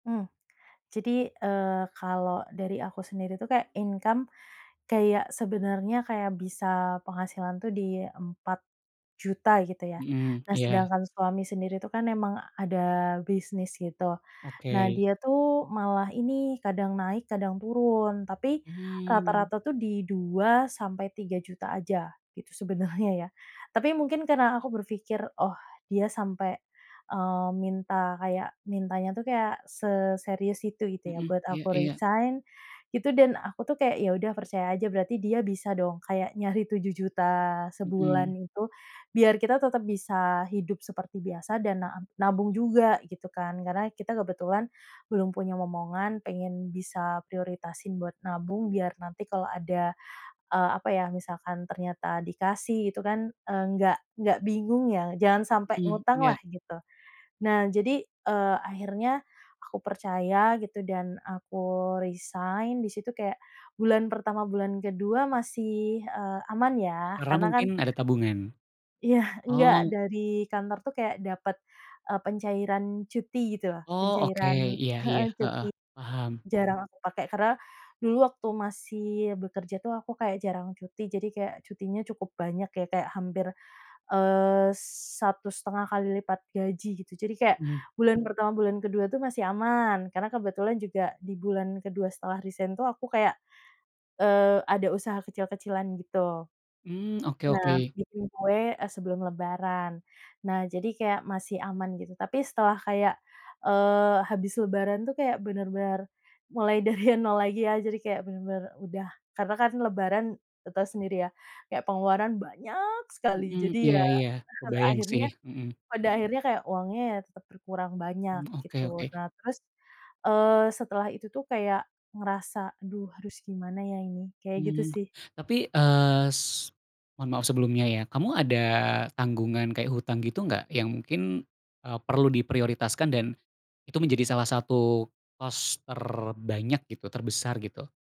Mmm. Jadi, eee, kalau dari aku sendiri itu kayak income, kayak sebenarnya kayak bisa penghasilan tuh di 4 juta, gitu, ya. Mhm, Nah, iya. sedangkan suami sendiri itu kan memang ada bisnis, gitu. Nah, Oke. dia tuh malah ini, kadang naik, kadang turun. Tapi, Hmm. rata-rata tuh di 2 sampai 3 juta aja, gitu, sebenernya ya. Tapi, mungkin karena aku berpikir, oh, dia sampai, eee, minta kayak mintanya tuh kayak seserius itu, gitu ya, Mhm, buat iya aku iya. resign gitu, dan aku tuh kayak ya udah percaya aja berarti dia bisa dong, kayak nyari 7 juta Mhm. sebulan itu, biar kita tetap bisa hidup seperti biasa dan na nabung juga, gitu kan. Karena kita kebetulan belum punya momongan, pengen bisa prioritasin buat nabung, biar nanti kalo ada, eee, apa ya, misalkan ternyata dikasih gitu kan, eee, nggak nggak bingung ya, jangan sampe Mmm, ngutang iya. lah, gitu. Nah, jadi, eee, akhirnya aku percaya, gitu, dan aku resign, di situ kayak bulan pertama, bulan ke-2, masih, eee, aman ya, Karena karena kan mungkin ada tabungan. iya, enggak, Oh. dari kantor tuh kayak dapat, eee, pencairan cuti, gitu loh. Oh, oke. Pencairan Iya iya. heeh, Heeh, cuti. paham. Jarang aku pakai. Karena dulu waktu masih bekerja tuh aku kayak jarang cuti, jadi kayak cutinya cukup banyak ya, kayak hampir, eee, 1 1/2 kali lipat gaji, gitu. Jadi kayak, Mhm. bulan pertama, bulan ke-2, tuh masih aman. Karena kebetulan juga di bulan ke-2 setelah resign tuh, aku kayak, eee, ada usaha kecil-kecilan gitu. Mmm, oke Nah, oke. bikin kue, eee, sebelum lebaran. Nah, jadi kayak masih aman gitu. Tapi setelah kayak, eee, habis lebaran tuh kayak benar-benar mulai dari 0 lagi ya, jadi kayak bener-bener udah karena kan lebaran te tau sendiri ya, kayak pengeluaran banyak sekali. Mhm, Jadi, iya ya, iya, pada kebayang sih, akhirnya mhm. pada akhirnya kayak uangnya ya tetap berkurang banyak, Mmm, oke gitu. oke. Nah, terus, eee, setelah itu tuh kayak ngerasa, "Aduh, harus gimana ya ini?" Kayak gitu, Mmm, sih. tapi, eee, s mohon maaf sebelumnya ya, kamu ada tanggungan kayak hutang gitu, nggak? Yang mungkin, eee, perlu diprioritaskan, dan itu menjadi salah satu cost terbanyak, gitu, terbesar, gitu.